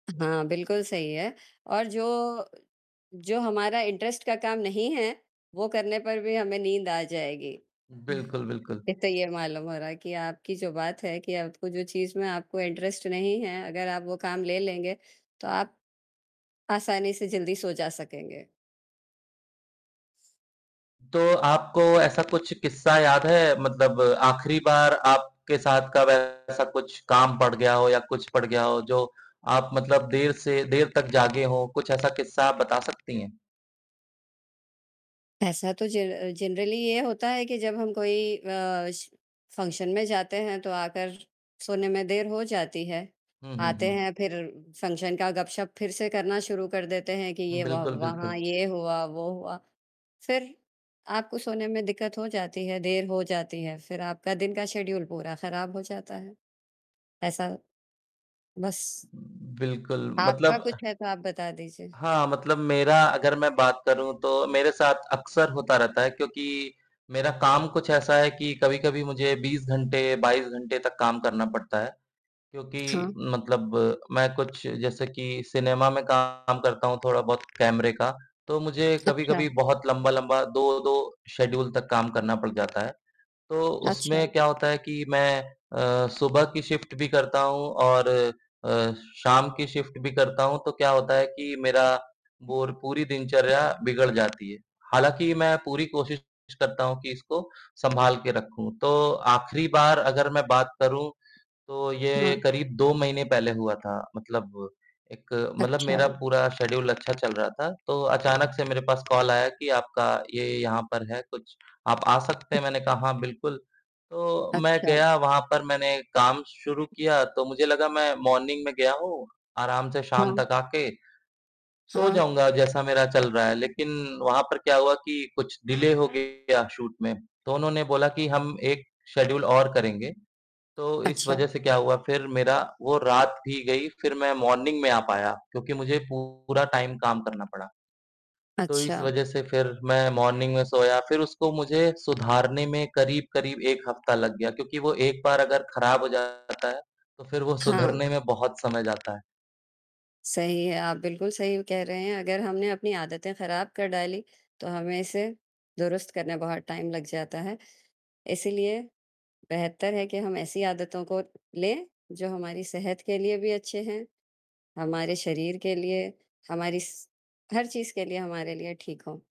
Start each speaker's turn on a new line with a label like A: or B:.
A: हाँ, बिल्कुल सही है और जो जो हमारा इंटरेस्ट का काम नहीं है, वो करने पर भी हमें नींद आ जाएगी।
B: बिल्कुल, बिल्कुल।
A: एक तो ये मालूम हो रहा है कि आपकी जो बात है कि आपको जो चीज़ में आपको इंटरेस्ट नहीं है, अगर आप वो काम ले लेंगे, तो आप आसानी से जल्दी सो जा सकेंगे।
B: तो आपको ऐसा कुछ किस्सा याद है मतलब आखिरी बार आपके साथ कब ऐसा कुछ काम पड़ गया हो या कुछ पड़ गया हो जो आप मतलब देर से देर तक जागे हो कुछ ऐसा किस्सा बता सकती है।
A: ऐसा तो ज जनरली ये होता है कि जब हम कोई अ, श फंक्शन में जाते हैं तो आकर सोने में देर हो जाती है,
B: हुँ, हुँ,
A: आते
B: हुँ।
A: हैं फिर फंक्शन का गप-शप फिर से करना शुरू कर देते हैं कि ये व
B: बिल्कुल,
A: वहाँ
B: बिल्कुल।
A: ये हुआ, वो हुआ। फिर, आपको सोने में दिक्कत हो जाती है, देर हो जाती है, फिर आपका दिन का शेड्यूल पूरा खराब हो जाता है। ऐसा, बस।
B: बिल्कुल
A: आपका
B: मतलब
A: कुछ है, तो आप बता दीजिए।
B: हाँ, मतलब मेरा अगर मैं बात करूँ, तो मेरे साथ अक्सर होता रहता है क्योंकि मेरा काम कुछ ऐसा है कि कभी-कभी मुझे 20 घंटे, 22 घंटे तक काम करना पड़ता है, क्योंकि
A: हाँ।
B: मतलब मैं कुछ जैसे कि सिनेमा में काम करता हूँ, थोड़ा-बहुत कैमरे का, तो मुझे कभी-कभी
A: अच्छा।
B: बहुत लंबे-लंबे 2 शेड्यूल तक काम करना पड़ जाता है। तो उसमें
A: अच्छा।
B: क्या होता है कि मैं अ, सुबह की शिफ्ट भी करता हूँ और अ, शाम की शिफ्ट भी करता हूँ, तो क्या होता है कि मेरी बोर पूरी दिनचर्या बिगड़ जाती है। हालाँकि मैं पूरी कोशिश करता हूँ कि इसको संभाल के रखूँ, तो आखिरी बार अगर मैं बात करूँ, तो ये
A: हाँ।
B: करीब 2 महीने पहले हुआ था एक मतलब
A: अच्छा।
B: मेरा पूरा शेड्यूल अच्छा चल रहा था, तो अचानक से मेरे पास कॉल आया कि आपका ये यहाँ पर है, कुछ आप आ सकते हैं? मैंने कहा हाँ बिल्कुल। तो मैं
A: अच्छा।
B: गया वहाँ पर, मैंने काम शुरू किया, तो मुझे लगा मैं मॉर्निंग में गया हूँ, आराम से शाम
A: हाँ।
B: तक आके सो
A: हाँ।
B: जाऊँगा, जैसा मेरा चल रहा है, लेकिन वहाँ पर क्या हुआ कि कुछ डिले हो गया शूट में। तो उन्होंने बोला कि हम 1 शेड्यूल और करेंगे, तो इस
A: अच्छा।
B: वजह से क्या हुआ, फिर मेरी वो रात भी गई, फिर मैं मॉर्निंग में आ पाया क्योंकि मुझे पूरा टाइम काम करना पड़ा। तो इस
A: अच्छा।
B: वजह से फिर मैं मॉर्निंग में सोया, फिर उसको मुझे सुधारने में करीब-करीब 1 हफ्ता लग गया क्योंकि वो 1 बार अगर खराब हो जाता है, तो फिर वो
A: हाँ।
B: सुधरने में बहुत समय जाता है।
A: सही है, आप बिल्कुल सही कह रहे हैं, अगर हमने अपनी आदतें खराब कर डालीं, तो हमें इसे दुरुस्त करने बहुत टाइम लग जाता है। इसीलिए बेहतर है कि हम ऐसी आदतों को लें, जो हमारी सेहत के लिए भी अच्छी हैं, हमारे शरीर के लिए, हमारी स हर चीज़ के लिए, हमारे लिए ठीक हों।